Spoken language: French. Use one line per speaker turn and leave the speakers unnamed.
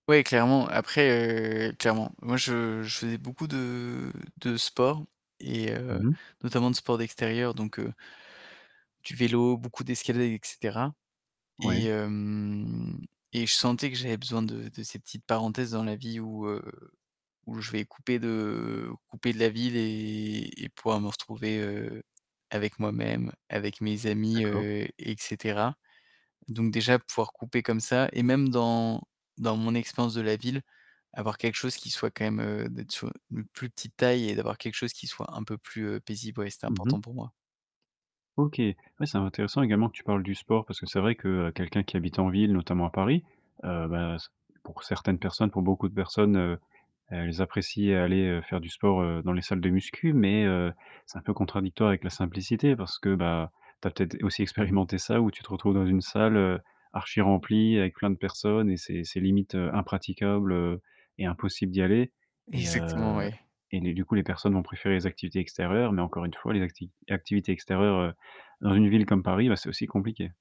Oui, clairement. Après, heu, clairement. Moi, je je faisais beaucoup de de sport et heu,
Mmh mh.
notamment, de sport d'extérieur, donc heu du vélo, beaucoup d'escalade, et cetera, et
Ouais.
hem, et je sentais que j'avais besoin de de ces petites parenthèses dans la vie où, heu, où je vais couper de couper de la ville et et pouvoir me retrouver, heu, avec moi-même, avec mes amis,
D'accord.
heu, et cetera. Donc déjà, pouvoir couper comme ça et même dans dans mon expérience de la ville, avoir quelque chose qui soit quand même, heu, d'être sur u une plus petite taille et d'avoir quelque chose qui soit un peu plus, heu, paisible, ouais, c'était
Mmh
important
mh.
pour moi.
OK, oui, c'est intéressant également que tu parles du sport, parce que c'est vrai que, heu, quelqu'un qui habite en ville, notamment à Paris, heu, beh, s pour certaines personnes, pour beaucoup de personnes, heu, elles apprécient aller, heu, faire du sport, heu, dans les salles de muscu mais heu, c'est un peu contradictoire avec la simplicité, parce que, bah, tu as peut-être aussi expérimenté ça, où tu te retrouves dans une salle, heu, archi-remplie avec plein de personnes et c'est c'est limite, heu, impraticable, heu, et impossible d'y aller et
Exactement,
heu,
oui.
et les du coup, les personnes vont préférer les activités extérieures mais encore une fois, les acti activités extérieures, heu, dans une ville comme Paris, bah, c'est aussi compliqué.